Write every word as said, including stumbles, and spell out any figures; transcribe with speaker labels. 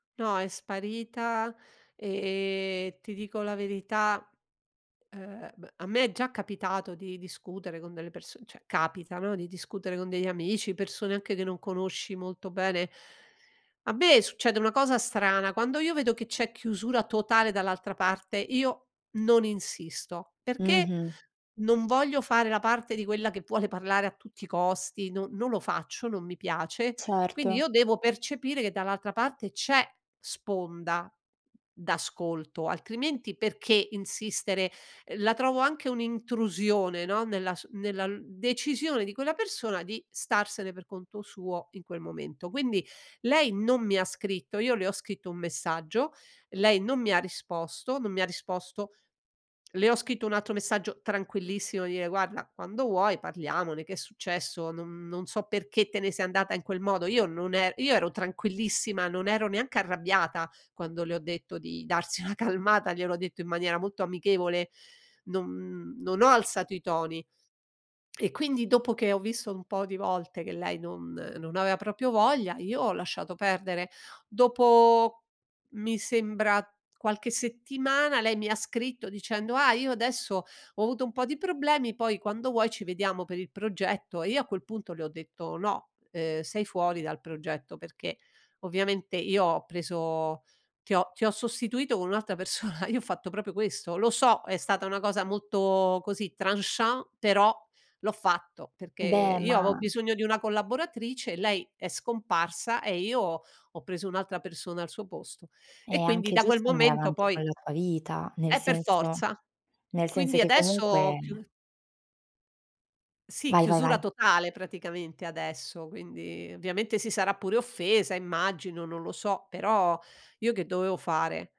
Speaker 1: No, è sparita, ehm, ti dico la verità, ehm, m a me è già capitato di discutere con delle perso ceh capita, no, di discutere con degli amici, persone anche che non conosci molto bene. A me succede una cosa strana, quando io vedo che c'è chiusura totale dall'altra parte io non insisto, perché
Speaker 2: Mh-mh.
Speaker 1: non voglio fare la parte di quella che vuole parlare a tutti i costi, no non lo faccio, non mi piace, quindi
Speaker 2: Certo.
Speaker 1: io devo percepire che dall'altra parte c'è sponda d'ascolto, altrimenti perché insistere? La trovo anche un'intrusione, no, nella su nella l decisione di quella persona di starsene per conto suo in quel momento. Quindi lei non mi ha scritto, io le ho scritto un messaggio, lei non mi ha risposto, non mi ha risposto, le ho scritto un altro messaggio tranquillissimo, dire: "Guarda, quando vuoi, parliamone, che è successo, non non so perché te ne sei andata in quel modo." Io non er io ero tranquillissima, non ero neanche arrabbiata quando le ho detto di darsi una calmata, gliel'ho detto in maniera molto amichevole, non non ho alzato i toni. E quindi dopo che ho visto un po' di volte che lei non non aveva proprio voglia, io ho lasciato perdere. Dopo mi sembra qualche settimana lei mi ha scritto dicendo: "Ah, io adesso ho avuto un po' di problemi, poi quando vuoi ci vediamo per il progetto," e io a quel punto le ho detto: "No, ehm, sei fuori dal progetto perché ovviamente io ho preso ti ho ti ho sostituito con un'altra persona." Io ho fatto proprio questo. Lo so, è stata una cosa molto così tranchant, però l'ho fatto perché
Speaker 2: Beh,
Speaker 1: io avo
Speaker 2: ma
Speaker 1: bisogno di una collaboratrice, lei è scomparsa, e io ho preso un'altra persona al suo posto.
Speaker 2: È
Speaker 1: E quindi
Speaker 2: anche
Speaker 1: da quel
Speaker 2: giusto andare
Speaker 1: momento
Speaker 2: avanti
Speaker 1: poi
Speaker 2: con la tua vita, nel
Speaker 1: Eh per
Speaker 2: senso
Speaker 1: forza,
Speaker 2: nel senso
Speaker 1: quindi
Speaker 2: che
Speaker 1: adesso ho
Speaker 2: comunque
Speaker 1: chiu Sì,
Speaker 2: Vai, vai,
Speaker 1: chiusura
Speaker 2: vai.
Speaker 1: totale praticamente, adesso, quindi ovviamente si sarà pure offesa immagino, non lo so, però io che dovevo fare?